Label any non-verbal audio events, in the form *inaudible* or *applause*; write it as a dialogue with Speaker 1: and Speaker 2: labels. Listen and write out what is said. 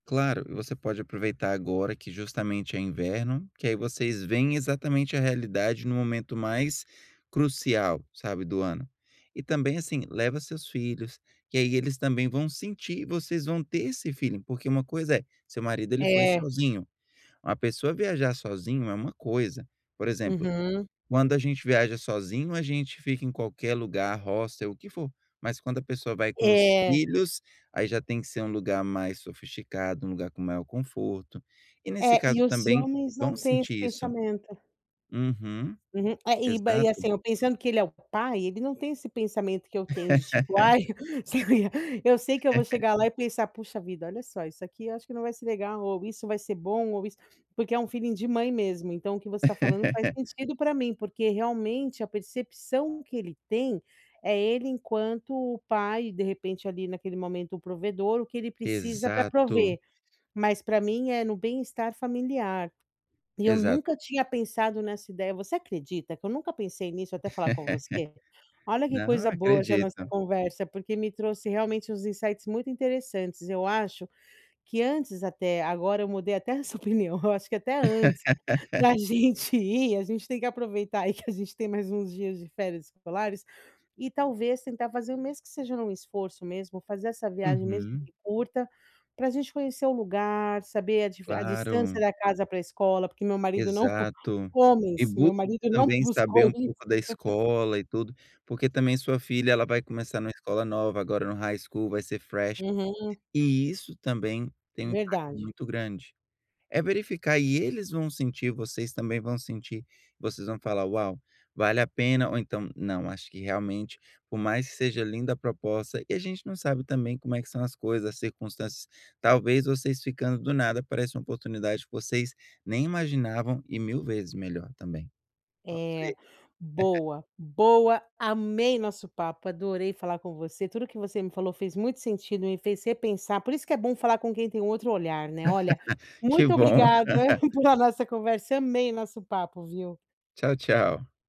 Speaker 1: Claro. E você pode aproveitar agora que justamente é inverno, que aí vocês veem exatamente a realidade no momento mais crucial, sabe, do ano. E também, assim, leva os seus filhos, que aí eles também vão sentir e vocês vão ter esse feeling, porque uma coisa é seu marido, ele foi
Speaker 2: É.
Speaker 1: sozinho. Uma pessoa viajar sozinho é uma coisa. Por exemplo.
Speaker 2: Uhum.
Speaker 1: Quando a gente viaja sozinho, a gente fica em qualquer lugar, roça e o que for. Mas quando a pessoa vai com os
Speaker 2: É.
Speaker 1: filhos, aí já tem que ser um lugar mais sofisticado, um lugar com maior conforto, e nesse
Speaker 2: É, e
Speaker 1: caso
Speaker 2: os
Speaker 1: também,
Speaker 2: homens não
Speaker 1: vão
Speaker 2: têm esse
Speaker 1: sentir isso.
Speaker 2: pensamento.
Speaker 1: Uhum,
Speaker 2: Uhum, eh, e ba e,
Speaker 1: exato.
Speaker 2: assim, eu pensando que ele é o pai, ele não tem esse pensamento que eu tenho, de tipo: "Ai"
Speaker 1: *laughs*
Speaker 2: *chuckles* sabe. Eu sei que eu vou
Speaker 1: *laughs*
Speaker 2: chegar lá e pensar: "Puxa vida, olha só, isso aqui, eu acho que não vai ser legal, ou isso vai ser bom, ou isso" porque é um feeling de mãe, mesmo. Então o que você tá falando faz
Speaker 1: *laughs*
Speaker 2: sentido pra mim, porque, realmente, a percepção que ele tem, é ele enquanto o pai, de repente, ali, naquele momento, o provedor o que ele precisa pra
Speaker 1: Exato.
Speaker 2: prover. Mas, pra mim é no bem estar familiar. E eu
Speaker 1: Exato.
Speaker 2: nunca tinha pensado nessa ideia você acredita que eu nunca pensei nisso até falar com você?
Speaker 1: *laughs*
Speaker 2: Olha que
Speaker 1: Não,
Speaker 2: coisa boa essa nossa
Speaker 1: acredito.
Speaker 2: conversa, porque me trouxe realmente uns insights muito interessantes. Eu acho que antes até agora eu mudei até essa opinião, eu acho que até antes, da
Speaker 1: *laughs*
Speaker 2: gente ir, a gente tem que aproveitar aí que a gente tem mais uns dias de férias escolares, e talvez tentar fazer, mesmo que seja num esforço mesmo, fazer essa viagem, mesmo
Speaker 1: Uhum.
Speaker 2: que curta, pra gente conhecer o lugar, saber a diver a distância
Speaker 1: Claro.
Speaker 2: da casa pra escola porque o meu marido não
Speaker 1: Exato. E
Speaker 2: homens,
Speaker 1: busca
Speaker 2: meu marido não
Speaker 1: também saber
Speaker 2: buscou
Speaker 1: um
Speaker 2: isso.
Speaker 1: pouco da
Speaker 2: *laughs*
Speaker 1: escola e tudo, porque também sua filha, ela vai começar numa escola nova, agora, no high school, vai ser fresh.
Speaker 2: Uhum.
Speaker 1: E isso também tem um impacto
Speaker 2: Verdade.
Speaker 1: muito grande. É verificar e eles vão sentir, vocês também vão sentir. Vocês vão falar: "Uau. Vale a pena" ou então: "Não, acho que realmente, por mais que seja linda a proposta," e a gente não sabe também como é que são as coisas, as circunstâncias. Talvez vocês ficando do nada aparece uma oportunidade que vocês nem imaginavam e mil vezes melhor também. Vamos
Speaker 2: É.
Speaker 1: ver. *chuckles*
Speaker 2: Boa, boa. Amei o nosso papo, adorei falar com você. Tudo que você me falou fez muito sentido, e me fez repensar por isso que é bom falar com quem tem um outro olhar, né. Olha,
Speaker 1: *laughs* Que
Speaker 2: muito
Speaker 1: bom!
Speaker 2: obrigada
Speaker 1: *laughs*
Speaker 2: por a nossa conversa, amei nosso papo, viu.
Speaker 1: Tchau, tchau.